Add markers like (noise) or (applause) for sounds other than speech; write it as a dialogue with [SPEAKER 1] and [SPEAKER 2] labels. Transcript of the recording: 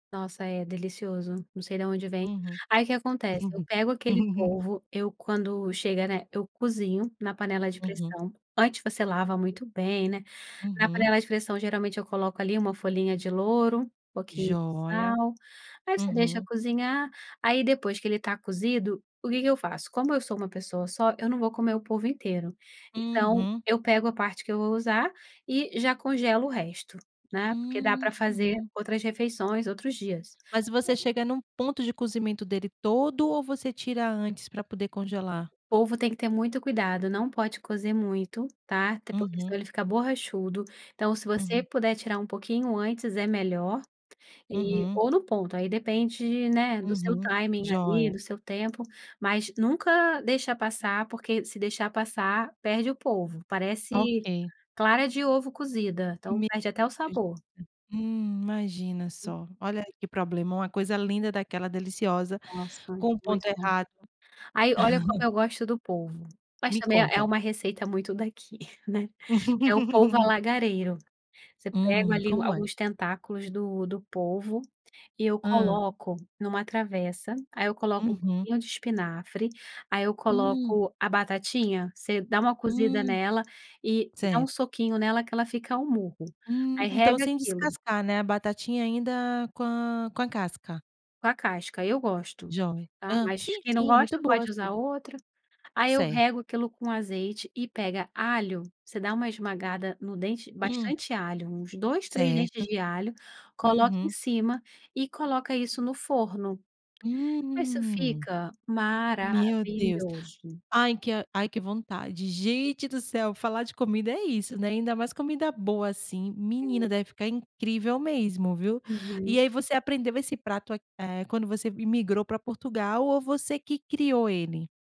[SPEAKER 1] Nossa é delicioso, não sei da onde vem.
[SPEAKER 2] Uhum.
[SPEAKER 1] Aí o que acontece? Eu pego aquele
[SPEAKER 2] (laughs)
[SPEAKER 1] polvo, eu quando chega, né, eu cozinho na panela de
[SPEAKER 2] Uhum.
[SPEAKER 1] pressão, antes você lava muito bem, né, na
[SPEAKER 2] Uhum.
[SPEAKER 1] panela de pressão geralmente eu coloco ali uma folhinha de louro, pouquinho de
[SPEAKER 2] Jóia.
[SPEAKER 1] sal, aí você deixa
[SPEAKER 2] Uhum.
[SPEAKER 1] cozinhar, aí depois que ele está cozido, o que que eu faço? Como eu sou uma pessoa só, eu não vou comer o polvo inteiro. Então,
[SPEAKER 2] Uhum.
[SPEAKER 1] eu pego a parte que eu vou usar, e já congelo o resto, né, porque dá para fazer
[SPEAKER 2] Uhum.
[SPEAKER 1] outras refeições, outros dias..
[SPEAKER 2] Mas você
[SPEAKER 1] (unintelligible)
[SPEAKER 2] chega em um ponto de cozimento dele todo ou você tira antes para poder congelar?
[SPEAKER 1] Polvo tem que ter muito cuidado não pode cozer muito tá, até porque
[SPEAKER 2] Uhum.
[SPEAKER 1] senão ele fica borrachudo, então se você
[SPEAKER 2] Uhum.
[SPEAKER 1] puder tirar um pouquinho antes é melhor, e
[SPEAKER 2] Uhum.
[SPEAKER 1] ou no ponto aí depende, né, do seu
[SPEAKER 2] Uhum.
[SPEAKER 1] timing ali
[SPEAKER 2] Jóia.
[SPEAKER 1] do seu tempo, mas nunca deixa passar porque se deixar passar perde o polvo, parece
[SPEAKER 2] Ok.
[SPEAKER 1] clara de ovo cozida, então
[SPEAKER 2] Meu
[SPEAKER 1] perde até o
[SPEAKER 2] Deus
[SPEAKER 1] sabor.
[SPEAKER 2] do céu, hum, imagina só, olha que problema, uma coisa linda daquela deliciosa
[SPEAKER 1] Nossa
[SPEAKER 2] com o
[SPEAKER 1] muito
[SPEAKER 2] ponto
[SPEAKER 1] bom.
[SPEAKER 2] errado.
[SPEAKER 1] Aí olha como eu gosto do polvo, mas
[SPEAKER 2] Me
[SPEAKER 1] também é
[SPEAKER 2] conta.
[SPEAKER 1] uma receita muito daqui, né, é o polvo
[SPEAKER 2] (laughs)
[SPEAKER 1] alagareiro, Você pega
[SPEAKER 2] Hum
[SPEAKER 1] ali
[SPEAKER 2] como é?
[SPEAKER 1] alguns tentáculos do do polvo e eu
[SPEAKER 2] Hã.
[SPEAKER 1] coloco em uma travessa, aí eu coloco um
[SPEAKER 2] Hum.
[SPEAKER 1] pouquinho de espinafre, aí eu
[SPEAKER 2] Hum.
[SPEAKER 1] coloco a batatinha, você dá uma cozida
[SPEAKER 2] Hum,
[SPEAKER 1] nela e dá um
[SPEAKER 2] cer
[SPEAKER 1] soquinho nela que ela fica ao murro, Aí
[SPEAKER 2] Hum então
[SPEAKER 1] rega
[SPEAKER 2] sem
[SPEAKER 1] aquilo.
[SPEAKER 2] descascar, né, a batatinha ainda com a com a casca.
[SPEAKER 1] Com a casca, eu gosto,
[SPEAKER 2] Jovem.
[SPEAKER 1] tá
[SPEAKER 2] Hã
[SPEAKER 1] mas
[SPEAKER 2] sim,
[SPEAKER 1] quem não
[SPEAKER 2] sim é muito
[SPEAKER 1] gosta
[SPEAKER 2] boa
[SPEAKER 1] pode usar
[SPEAKER 2] sim.
[SPEAKER 1] outra, aí eu
[SPEAKER 2] Certo.
[SPEAKER 1] rego aquilo com azeite e pega alho, você dá uma esmagada no dente,
[SPEAKER 2] Hum.
[SPEAKER 1] bastante alho, uns 2, 3 dentes
[SPEAKER 2] Certo.
[SPEAKER 1] de alho, coloca em
[SPEAKER 2] Uhum.
[SPEAKER 1] cima e coloca isso no forno. Aí isso
[SPEAKER 2] Hum.
[SPEAKER 1] fica
[SPEAKER 2] Meu Deus,
[SPEAKER 1] maravilhoso.
[SPEAKER 2] ai que ai que vontade, gente do céu falar de comida é isso, né, ainda mais comida boa assim, menina deve ficar incrível mesmo, viu. E
[SPEAKER 1] Uhum.
[SPEAKER 2] aí você aprendeu esse prato, eh, quando você imigrou para Portugal ou você que criou ele?